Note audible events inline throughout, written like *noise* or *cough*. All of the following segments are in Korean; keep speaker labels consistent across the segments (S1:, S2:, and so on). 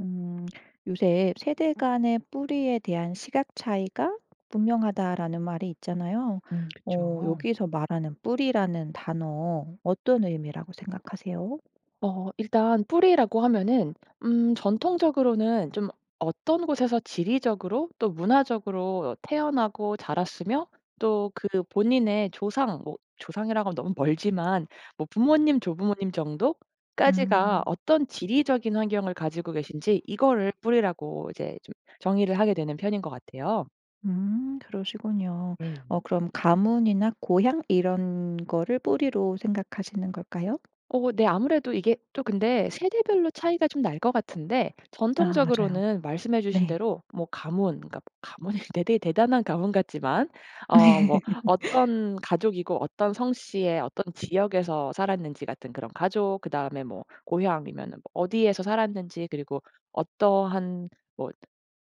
S1: 음 요새 "세대 간의 뿌리에 대한 시각 차이가 분명하다."라는 말이 있잖아요.
S2: 음
S1: 어
S2: 그쵸.
S1: 여기서 말하는 뿌리라는 단어 어떤 의미라고 생각하세요?
S2: 어 일단 뿌리라고 하면은 음 전통적으로는 좀 어떤 곳에서 지리적으로 또 문화적으로 태어나고 자랐으며 또 그 본인의 조상 뭐 조상이라고 너무 멀지만 뭐 부모님, 조부모님 정도까지가
S1: 음.
S2: 어떤 지리적인 환경을 가지고 계신지 이거를 뿌리라고 이제 좀 정의를 하게 되는 편인 것 같아요.
S1: 음. 그러시군요.
S2: 네.
S1: 어 그럼 가문이나 고향 이런 거를 뿌리로 생각하시는 걸까요?
S2: 어. 네. 아무래도 이게 또 근데 세대별로 차이가 좀 날 것 같은데
S1: 아 맞아요.
S2: 전통적으로는 말씀해 주신
S1: 네.
S2: 대로 뭐 가문 그러니까 뭐 가문이 대 대 대단한 가문 같지만 어
S1: 네.
S2: 뭐 어떤 가족이고 어떤 성씨의 어떤 지역에서 살았는지 같은 그런 가족 그다음에 뭐 고향이면은 뭐 어디에서 살았는지 그리고 어떠한 뭐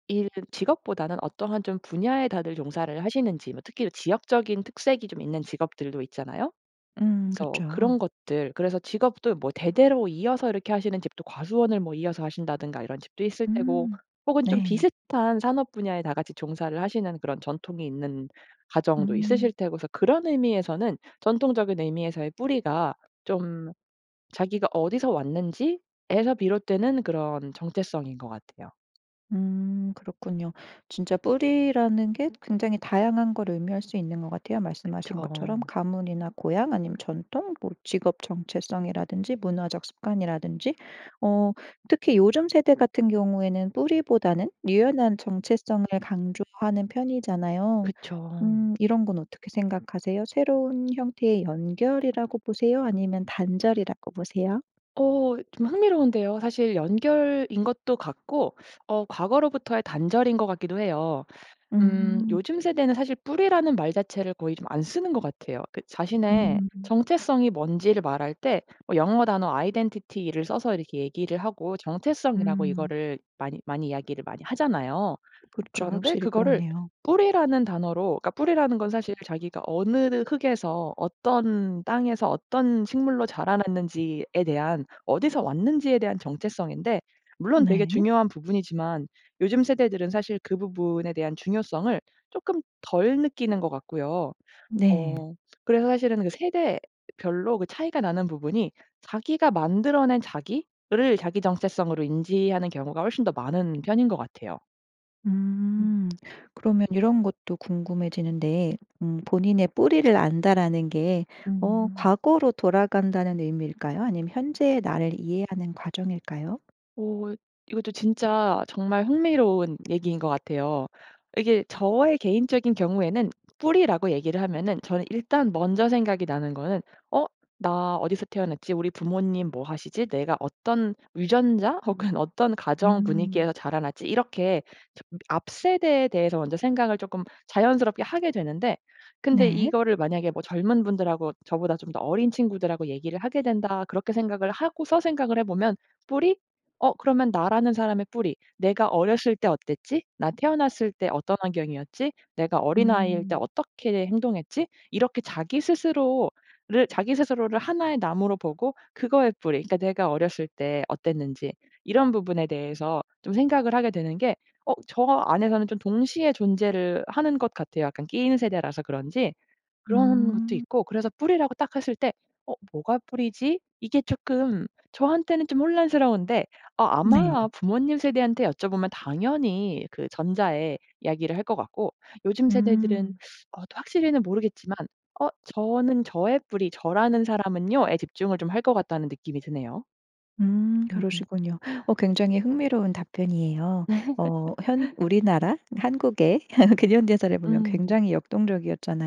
S2: 일 직업보다는 어떠한 좀 분야에 다들 종사를 하시는지 뭐 특히 일 지역적인 특색이 좀 있는 직업들도 있잖아요.
S1: 음.
S2: 그래서
S1: 그쵸.
S2: 그런 것들 그래서 직업도 뭐 대대로 이어서 이렇게 하시는 집도 과수원을 뭐 이어서 하신다든가 이런 집도 있을 테고
S1: 음.
S2: 혹은 좀
S1: 네.
S2: 비슷한 산업 분야에 다 같이 종사를 하시는 그런 전통이 있는 가정도 있으실
S1: 음.
S2: 테고 그래서 그런 의미에서는 전통적인 의미에서의 뿌리가 좀 자기가 어디서 왔는지에서 비롯되는 그런 정체성인 것 같아요.
S1: 음 그렇군요. 진짜 뿌리라는 게 굉장히 다양한 걸 의미할 수 있는 것 같아요.
S2: 그쵸.
S1: 말씀하신 것처럼 가문이나 고향 아니면 전통 뭐 직업 정체성이라든지 문화적 습관이라든지. 어 특히 요즘 세대 같은 경우에는 뿌리보다는 유연한 정체성을 강조하는 편이잖아요.
S2: 그쵸.
S1: 음. 이런 건 어떻게 생각하세요? 새로운 형태의 연결이라고 보세요 아니면 단절이라고 보세요?
S2: 어. 좀 흥미로운데요. 사실 연결인 것도 같고 어 과거로부터의 단절인 것 같기도 해요. 음.
S1: 으흠.
S2: 요즘 세대는 사실 뿌리라는 말 자체를 거의 좀 안 쓰는 것 같아요. 그 자신의
S1: 음.
S2: 정체성이 뭔지를 말할 때 어 영어 단어 아이덴티티를 써서 이렇게 얘기를 하고 정체성이라고
S1: 음.
S2: 이거를 많이 많이 이야기를 많이 하잖아요.
S1: 그렇죠.
S2: 그런데
S1: 확실히
S2: 그거를
S1: 그렇네요.
S2: 뿌리라는 단어로 그러니까 뿌리라는 건 사실 자기가 어느 흙에서 어떤 땅에서 어떤 식물로 자라났는지에 대한 어디서 왔는지에 대한 정체성인데 물론 되게
S1: 네.
S2: 중요한 부분이지만 요즘 세대들은 사실 그 부분에 대한 중요성을 쪼끔 덜 느끼는 것 같고요.
S1: 네.
S2: 어. 그래서 사실은 그 세대별로 그 차이가 나는 부분이 자기가 만들어 낸 자기를 자기 정체성으로 인지하는 경우가 훨씬 더 많은 편인 것 같아요. 음.
S1: 음. 그러면 이런 것도 궁금해지는데 음 본인의 뿌리를 안다라는 게 어
S2: 음.
S1: 과거로 돌아간다는 의미일까요? 아니면 현재의 나를 이해하는 과정일까요?
S2: 어 이것도 진짜 정말 흥미로운 얘기인 것 같아요. 이게 저의 개인적인 경우에는 뿌리라고 얘기를 하면은 저는 일단 먼저 생각이 나는 거는 '어 나 어디서 태어났지? 우리 부모님 뭐 하시지? 내가 어떤 유전자 혹은 어떤 가정
S1: 음.
S2: 분위기에서 자라났지?' 이렇게 점 앞세대에 대해서 먼저 생각을 조금 자연스럽게 하게 되는데 근데
S1: 네.
S2: 이거를 만약에 뭐 젊은 분들하고 저보다 좀 더 어린 친구들하고 얘기를 하게 된다. 그렇게 생각을 하고서 생각을 해보면 '뿌리? 어 그러면 나라는 사람의 뿌리. 내가 어렸을 때 어땠지? 나 태어났을 때 어떤 환경이었지? 내가 어린아이일 때
S1: 음.
S2: 어떻게 행동했지?' 이렇게 자기 스스로를 자기 스스로를 하나의 나무로 보고 그거의 뿌리 그러니까 내가 어렸을 때 어땠는지 이런 부분에 대해서 좀 생각을 하게 되는 게 어 저 안에서는 좀 동시에 존재를 하는 것 같아요. 약간 끼인 세대라서 그런지. 그런 것도
S1: 음.
S2: 있고 그래서 뿌리라고 딱 했을 때 '어 뭐가 뿌리지?' 이게 쪼끔 저한테는 좀 혼란스러운데 아 아마
S1: 네.
S2: 부모님 세대한테 여쭤보면 당연히 그 전자의 이야기를 할 것 같고 요즘 세대들은
S1: 음.
S2: 어 또 확실히는 모르겠지만 어 '저는 저의 뿌리 저라는 사람은요.'에 집중을 좀 할 거 같다는 느낌이 드네요.
S1: 음.
S2: 으음.
S1: 그러시군요. 어 굉장히 흥미로운 답변이에요. 어 현
S2: *laughs*
S1: 우리나라 한국의 *laughs* 근현대사를 보면
S2: 음.
S1: 굉장히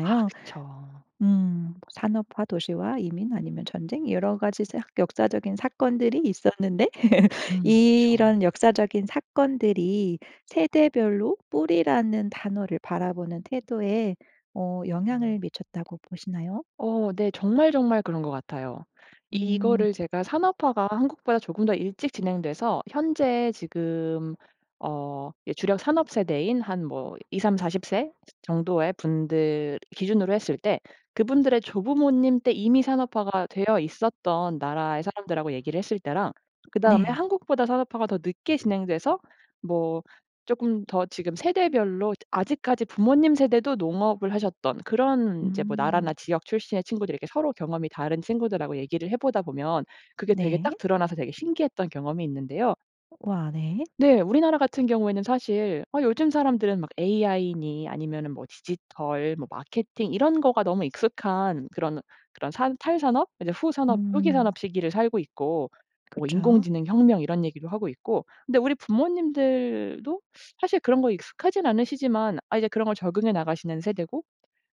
S2: 아 그쵸.
S1: 음 산업화 도시와 이민 아니면 전쟁 여러 가지 사 역사적인 사건들이 있었는데 *laughs*
S2: 음 그쵸.
S1: 이런 역사적인 사건들이 세대 별로 뿌리라는 단어를 바라보는 태도에 어
S2: 음.
S1: 영향을 미쳤다고 보시나요?
S2: 어 네. 정말 정말 그런 것 같아요.
S1: 음.
S2: 이거를 제가 산업화가 한국보다 조금 더 일찍 진행돼서 현재 지금 어 이 주력 산업 세대인 한 뭐 2-3-40 세 정도의 분들 기준으로 했을 때 그분들의 조부모님 때 이미 산업화가 되어 있었던 나라의 사람들하고 얘기를 했을 때랑 그다음에
S1: 네.
S2: 한국보다 산업화가 더 늦게 진행돼서 뭐 쪼끔 더 지금 세대별로 드 아직까지 부모님 세대도 농업을 하셨던 그런 인제 뭐
S1: 음.
S2: 나라나 지역 출신의 친구들 이렇게 서로 경험이 다른 친구들하고 얘기를 해 보다 보면 그게 되게
S1: 네.
S2: 딱 드러나서 되게 신기했던 경험이 있는데요.
S1: 우와. 네.
S2: 네. 우리나라 같은 경우에는 사실 어 요즘 사람들은 막 AI니 아니면은 뭐 디지털 뭐 마케팅 이런 거가 너무 익숙한 그런 그런 산 탈산업 이제 후산업, 후기 산업
S1: 응.
S2: 시기를 살고 있고 뭐
S1: 그쵸.
S2: 인공지능 혁명 이런 얘기도 하고 있고 근데 우리 부모님들도 사실 그런 거 익숙하진 않으시지만 아 이제 그런 걸 적응해 나가시는 세대고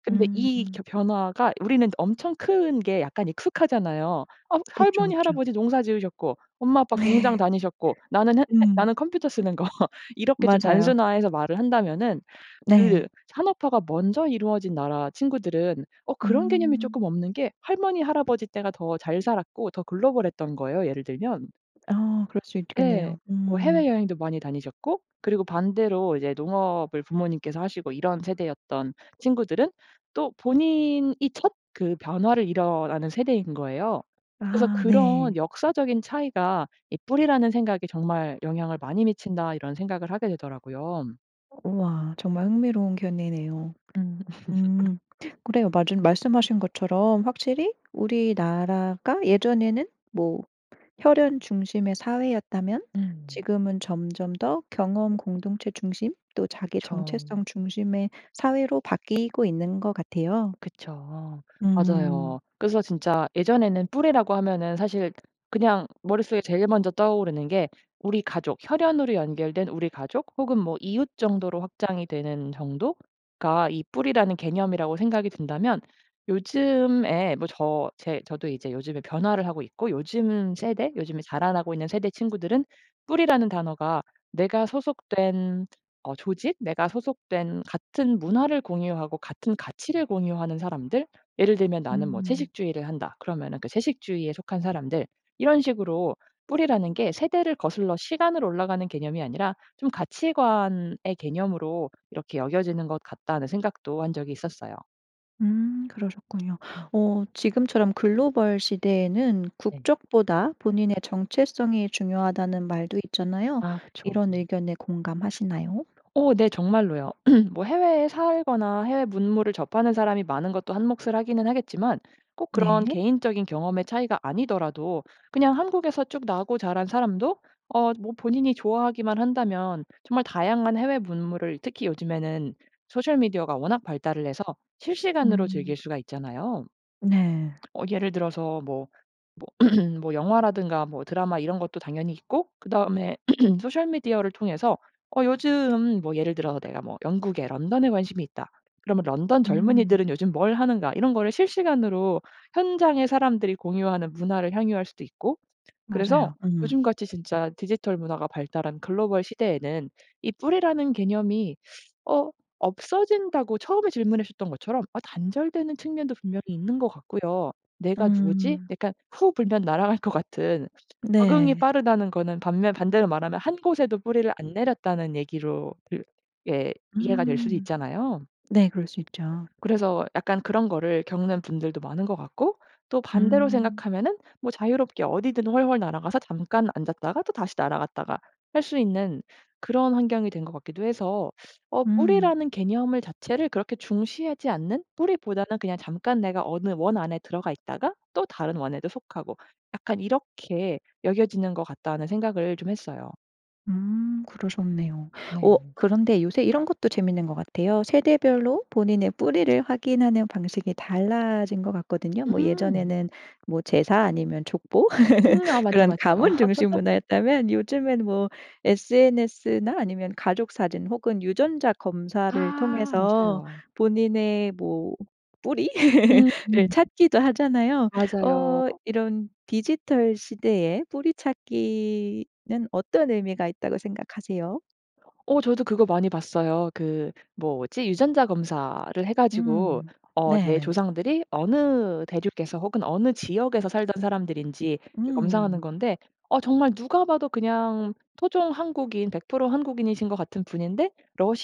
S2: 근데 이
S1: 음.
S2: 겨 변화가 우리는 엄청 큰 게 약간 익숙하잖아요. 어
S1: 그쵸
S2: 할머니,
S1: 그쵸.
S2: 할아버지 농사 지으셨고 엄마 아빠 공장
S1: *laughs*
S2: 다니셨고 나는 했 했
S1: 음.
S2: 나는 컴퓨터 쓰는 거 이렇게 좀
S1: 맞아요.
S2: 단순화해서 말을 한다면은
S1: 네.
S2: 그 산업화가 먼저 이루어진 나라 친구들은 어 그런 개념이
S1: 음.
S2: 쪼끔 없는 게 할머니, 할아버지 때가 더 잘 살았고 더 글로벌했던 거예요 예를 들면.
S1: 아 그럴 수
S2: 예.
S1: 있겠네요.
S2: 뭐
S1: 음.
S2: 해외여행도 많이 다니셨고 그리고 반대로 이제 농업을 부모님께서 하시고 이런 세대였던 친구들은 또 본인이 첫 그 변화를 일어나는 세대인 거예요. 그래서
S1: 아
S2: '그런
S1: 네.
S2: 역사적인 차이가 이 뿌리라는 생각에 정말 영향을 많이 미친다.' 이런 생각을 하게 되더라고요.
S1: 우와. 정말 흥미로운 견해네요.
S2: 음.
S1: 음.
S2: *laughs*
S1: 그래요. 마즌 말씀하신 것처럼 확실히 우리나라가 예전에는 뭐 혈연 중심의 사회였다면
S2: 음.
S1: 지금은 점점 더 경험 공동체 중심 또 자기
S2: 그쵸.
S1: 정체성 중심의 사회로 바뀌고 있는 것 같아요.
S2: 그쵸.
S1: 음.
S2: 맞아요. 그래서 진짜 예전에는 뿌리라고 하면은 사실 그냥 머릿속에 제일 먼저 떠오르는 게 우리 가족 혈연으로 연결된 우리 가족 혹은 뭐 이웃 정도로 확장이 되는 정도가 이 뿌리라는 개념이라고 생각이 든다면 요즘에 뭐 저 제 저도 이제 요즘에 변화를 하고 있고 요즘 세대 요즘에 자라나고 있는 세대 친구들은 뿌리라는 단어가 내가 소속된 어 조직 내가 소속된 같은 문화를 공유하고 같은 가치를 공유하는 사람들 예를 들면 나는 뭐
S1: 음.
S2: 채식주의를 한다. 그러면은 그 채식주의에 속한 사람들 이런 식으로 뿌리라는 게 세대를 거슬러 시간으로 올라가는 개념이 아니라 좀 '가치관의 개념으로 이렇게 여겨지는 것 같다.'는 생각도 한 적이 있었어요.
S1: 음. 그러셨군요.
S2: 음.
S1: 어 지금처럼 글로벌 시대에는
S2: 네.
S1: 국적보다 본인의 정체성이 중요하다는 말도 있잖아요.
S2: 아 그쵸.
S1: 이런 의견에 공감하시나요?
S2: 어 네. 정말로요. *clears throat* 뭐 해외에 살거나 해외 문물을 접하는 사람이 많은 것도 한 몫을 하기는 하겠지만 꼭 그런
S1: 네.
S2: 개인적인 경험의 차이가 아니더라도 그냥 한국에서 쭉 나고 자란 사람도 어 뭐 본인이 좋아하기만 한다면 정말 다양한 해외 문물을 특히 요즘에는 소셜 미디어가 워낙 발달을 해서 실시간으로 즐길
S1: 음.
S2: 수가 있잖아요.
S1: 네.
S2: 어 예를 들어서 뭐 뭐 *clears throat* 뭐 영화라든가 뭐 드라마 이런 것도 당연히 있고 그다음에 *clears throat* 소셜 미디어를 통해서 어 요즘 뭐 예를 들어서 '내가 뭐 영국의 런던에 관심이 있다.' 그러면 '런던
S1: 음.
S2: 젊은이들은 요즘 뭘 하는가.' 이런 거를 실시간으로 현장에 사람들이 공유하는 문화를 향유할 수도 있고 그래서
S1: 맞아요. 음.
S2: 요즘같이 진짜 디지털 문화가 발달한 글로벌 시대에는 이 뿌리라는 개념이 어 없어진다고 처음에 질문하셨던 것처럼 어 단절되는 측면도 분명히 있는 것 같고요. '내가 누구지?'
S1: 음.
S2: 약간 후 불면 날아갈 것 같은 적응이
S1: 네.
S2: 빠르다는 거는 반면 반대로 말하면 한 곳에도 뿌리를 안 내렸다는 얘기로 들 예 이해가 될 수도
S1: 음.
S2: 있잖아요.
S1: 네. 그럴 수 있죠.
S2: 그래서 약간 그런 거를 겪는 분들도 많은 것 같고 또 반대로
S1: 음.
S2: 생각하면은 뭐 자유롭게 어디든 훨훨 날아가서 잠깐 앉았다가 또 다시 날아갔다가 할 수 있는 그런 환경이 된 것 같기도 해서 어
S1: 음.
S2: 뿌리라는 개념의 자체를 그렇게 중시하지 않는 뿌리보다는 그냥 잠깐 내가 어느 원 안에 들어가 있다가 또 다른 원에도 속하고 약간 이렇게 여겨지는 것 같다는 생각을 좀 했어요.
S1: 음. 그러셨네요. 어
S2: 네.
S1: 그런데 요새 이런 것도 재밌는 것 같아요. 세대별로 본인의 뿌리를 확인하는 방식이 달라진 거 같거든요. 뭐
S2: 음.
S1: 예전에는 뭐 제사 아니면 족보?
S2: 음 아.
S1: *laughs*
S2: 맞죠,
S1: 그런
S2: 맞죠.
S1: 가문 중심
S2: *laughs*
S1: 문화였다면 요즘엔 뭐 SNS나 아니면 가족사진 혹은 유전자 검사를
S2: 아.
S1: 통해서
S2: 맞아요.
S1: 본인의 뭐 뿌리? *laughs*
S2: 음.
S1: 를
S2: 음.
S1: 찾기도 하잖아요.
S2: 맞아요.
S1: 어 이런 디지털 시대에 뿌리 찾기는 어떤 의미가 있다고 생각하세요?
S2: 어 저도 그거 많이 봤어요. 그 뭐지? 유전자 검사를 해 가지고
S1: 음.
S2: 어 내
S1: 네.
S2: 조상들이 어느 대륙에서 혹은 어느 지역에서 살던 사람들인지 이 검사하는
S1: 음.
S2: 건데 어 정말 누가 봐도 그냥 토종 한국인 100% 한국인이신 것 같은 분인데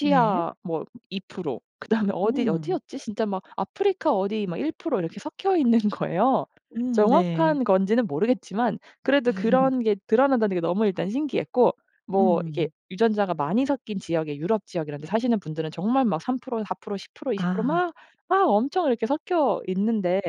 S1: 네.
S2: 뭐 2% 그다음에 어디
S1: 음.
S2: 어디였지? 진짜 막 아프리카 어디 막 1% 이렇게 섞여있는 거예요.
S1: 음. 네.
S2: 정확한 건지는 모르겠지만 그래도
S1: *laughs*
S2: 그런 게 드러난다는 게 너무 일단 신기했고 뭐 이게
S1: 음.
S2: 유전자가 많이 섞인 지역에 유럽 지역 이런 데 사시는 분들은 정말 막 3% 4% 10% 20%
S1: 아.
S2: 막 막 엄청 이렇게 섞여있는데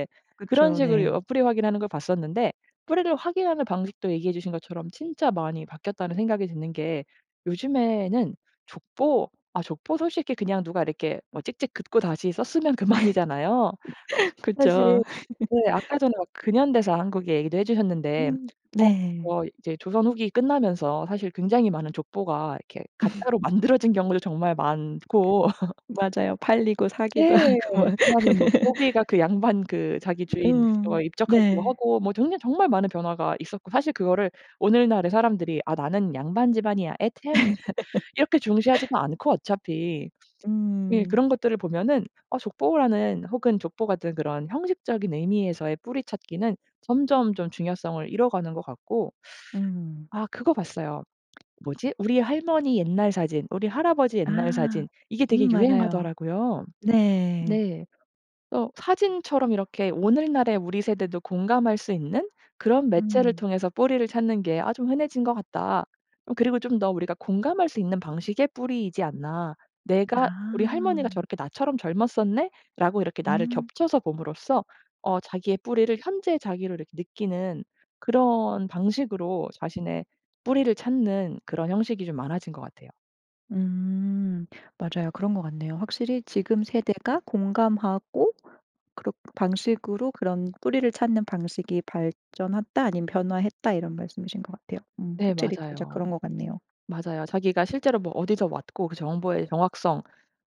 S2: 그런
S1: 그쵸.
S2: 식으로 어
S1: 네.
S2: 뿌리 확인하는 걸 봤었는데. 뿌리를 확인하는 방식도 얘기해주신 것처럼 진짜 많이 바뀌었다는 생각이 드는 게 요즘에는 족보 아 족보 솔직히 그냥 누가 이렇게 막 찍찍 긋고 다시 썼으면 그만이잖아요.
S1: *laughs*
S2: 사실
S1: 그쵸.
S2: 네
S1: *laughs*
S2: 아까 전에 막 근현대사 한국 얘기도 해 주셨는데
S1: 음.
S2: 어
S1: 네.
S2: 뭐 이제 조선 후기 끝나면서 사실 굉장히 많은 족보가 이렇게 가짜로
S1: *laughs*
S2: 만들어진 경우도 정말 많고 *laughs*
S1: 맞아요. 팔리고 사기도
S2: 예.
S1: 하고 막.
S2: 그다음에 뭐 노비가
S1: *laughs*
S2: 그 양반 그 자기 주인 뭐
S1: 음.
S2: 입적하기도
S1: 네.
S2: 하고 뭐 들으면 정말 많은 변화가 있었고 사실 그거를 오늘날의 사람들이 "아 나는 양반 집안이야. 엣헴." *laughs* 이렇게 중시하지도
S1: *laughs*
S2: 않고 어차피. 예
S1: 음.
S2: 그런 것들을 보면은 어 족보라는 혹은 족보 같은 그런 형식적인 의미에서의 뿌리 찾기는 점점 좀 중요성을 잃어가는 거 같고
S1: 음.
S2: 아 그거 봤어요. 뭐지? 우리 할머니 옛날 사진 우리 할아버지 옛날
S1: 아.
S2: 사진 이게 되게
S1: 음 맞아요.
S2: 유행하더라고요.
S1: 네.
S2: 네. 어 사진처럼 이렇게 오늘날의 우리 세대도 공감할 수 있는 그런 매체를
S1: 음.
S2: 통해서 뿌리를 찾는 게 아 좀 흔해진 거 같다. 어 그리고 좀 더 우리가 공감할 수 있는 방식의 뿌리이지 않나. 내가 "우리 할머니가
S1: 아.
S2: 저렇게 나처럼 젊었었네?'라고 이렇게 나를
S1: 음.
S2: 겹쳐서 봄으로써 어 자기의 뿌리를 현재의 자기를 이렇게 느끼는 그런 방식으로 자신의 뿌리를 찾는 그런 형식이 좀 많아진 것 같아요.
S1: 음. 맞아요. 그런 것 같네요. 확실히 지금 세대가 공감하고 그런 방식으로 그런 뿌리를 찾는 방식이 발전했다. 아니면 변화했다. 이런 말씀이신 것 같아요. 음.
S2: 네.
S1: 확실히 진짜
S2: 맞아요.
S1: 그런 것 같네요.
S2: 맞아요. 자기가 실제로 뭐 어디서 왔고 그 정보의 정확성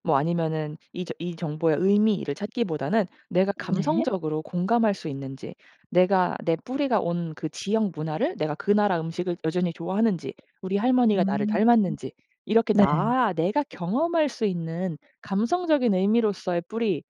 S2: 뭐 아니면은 이 저 이 정보의 의미를 찾기보다는 내가
S1: 네.
S2: 감성적으로 공감할 수 있는지 내가 내 뿌리가 온 그 지역 문화를 내가 그 나라 음식을 여전히 좋아하는지 우리 할머니가 나를
S1: 음.
S2: 닮았는지 이렇게
S1: 네.
S2: 나 내가 경험할 수 있는 감성적인 의미로서의 뿌리를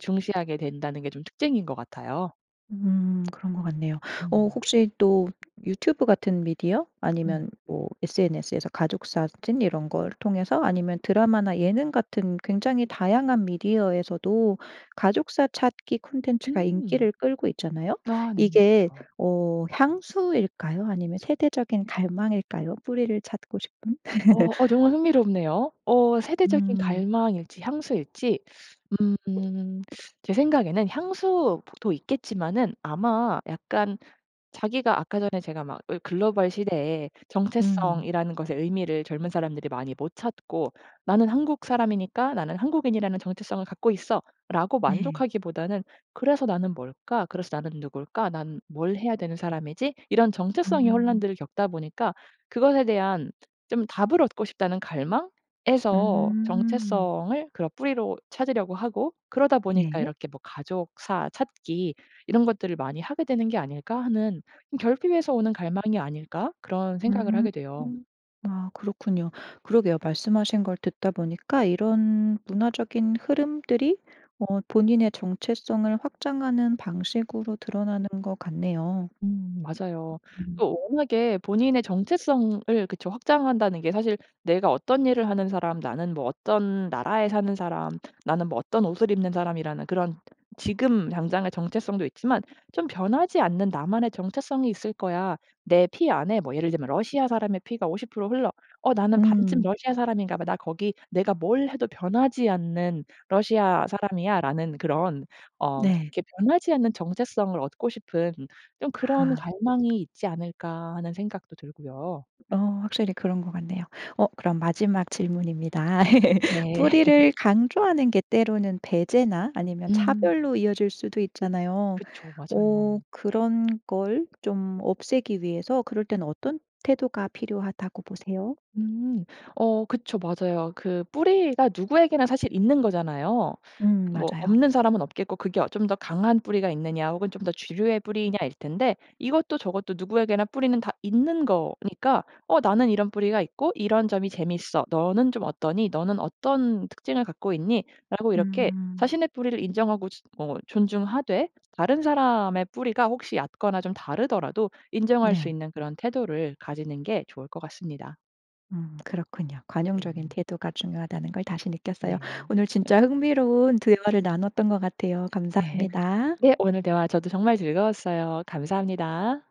S2: 중시하게 된다는 게 좀 특징인 것 같아요.
S1: 음. 그런 것 같네요. 어
S2: 음.
S1: 혹시 또 유튜브 같은 미디어
S2: 음.
S1: 아니면 뭐 SNS에서 가족사진 이런 걸 통해서 아니면 드라마나 예능 같은 굉장히 다양한 미디어에서도 가족사 찾기 콘텐츠가
S2: 음.
S1: 인기를 끌고 있잖아요?
S2: 아 네네.
S1: 이게
S2: 그렇죠.
S1: 어 향수일까요 아니면 세대적인 갈망일까요 뿌리를 찾고 싶은?
S2: 어. 어
S1: *laughs*
S2: 정말 흥미롭네요. 어 세대적인
S1: 음.
S2: 갈망일지 향수일지? 음. 제 생각에는 향수 보 도 있겠지만은 아마 약간 자기가 아까 전에 제가 막 을 글로벌 시대에
S1: 음.
S2: 정체성이라는 것의 의미를 젊은 사람들이 많이 못 찾고 '나는 한국 사람이니까 나는 한국인이라는 정체성을 갖고 있어.'라고
S1: 네.
S2: 만족하기보다는 그래서 '나는 뭘까? 그래서 나는 누굴까? 나는 뭘 해야 되는 사람이지?' 이런 정체성의
S1: 음.
S2: 혼란들을 겪다 보니까 그것에 대한 좀 답을 얻고 싶다는 갈망에서
S1: 음.
S2: 정체성을 그런 뿌리로 찾으려고 하고 그러다 보니까
S1: 네.
S2: 이렇게 뭐 '가족사 찾기 이런 것들을 많이 하게 되는 게 아닐까?' 하는 음 '결핍에서 오는 갈망이 아닐까?' 그런 생각을
S1: 음.
S2: 하게 돼요.
S1: 음. 아 그렇군요. 그러게요. 말씀하신 걸 듣다 보니까 이런 문화적인 흐름들이 어 본인의 정체성을 확장하는 방식으로 드러나는 것 같네요.
S2: 음. 맞아요.
S1: 음.
S2: 또 워낙에 본인의 정체성을 그쵸. 확장한다는 게 사실 내가 어떤 일을 하는 사람 나는 뭐 어떤 나라에 사는 사람 나는 뭐 어떤 옷을 입는 사람이라는 그런 지금 당장의 정체성도 있지만 좀 '변하지 않는 나만의 정체성이 있을 거야. 내 피 안에 뭐 예를 들면 러시아 사람의 피가 50% 흘러. 어 나는 반쯤
S1: 음.
S2: 러시아 사람인가 봐. 나 거기 내가 뭘 해도 변하지 않는 러시아 사람이야.'라는 그런 어
S1: 네.
S2: 그렇게 변하지 않는 정체성을 얻고 싶은 좀 그런
S1: 아.
S2: 갈망이 있지 않을까 하는 생각도 들고요.
S1: 어. 확실히 그런 것 같네요. 어 그럼 마지막 질문입니다. *laughs*
S2: 네. *laughs*
S1: 뿌리를 강조하는 게 때로는 배제나 아니면
S2: 음.
S1: 차별로 이어질 수도 있잖아요.
S2: 그쵸. 맞아요.
S1: 어 그런 걸 좀 없애기 위해서 그럴 땐 어떤 태도가 필요하다고 보세요?
S2: 음. 어 그쵸. 맞아요. 그 뿌리가 누구에게나 사실 있는 거잖아요.
S1: 음.
S2: 뭐
S1: 맞아요.
S2: 없는 사람은 없겠고 그게 어 좀 더 강한 뿌리가 있느냐. 혹은 좀 더 주류의 뿌리이냐일 텐데 이것도 저것도 누구에게나 뿌리는 다 있는 거니까 어 나는 이런 뿌리가 있고 이런 점이 재미있어. 너는 좀 어떠니? 너는 어떤 특징을 갖고 있니라고 이렇게
S1: 음.
S2: 자신의 뿌리를 인정하고 즛 어 존중하되 다른 사람의 뿌리가 혹시 얕거나 좀 다르더라도 인정할 수
S1: 네.
S2: 있는 그런 태도를 가지는 게 좋을 것 같습니다.
S1: 음. 그렇군요. 관용적인
S2: 네.
S1: 태도가 중요하다는 걸 다시 느꼈어요.
S2: 네.
S1: 오늘 진짜 흥미로운 대화를 나눴던 것 같아요.
S2: 네.
S1: 감사합니다.
S2: 네. 오늘 대화 저도 정말 즐거웠어요. 감사합니다.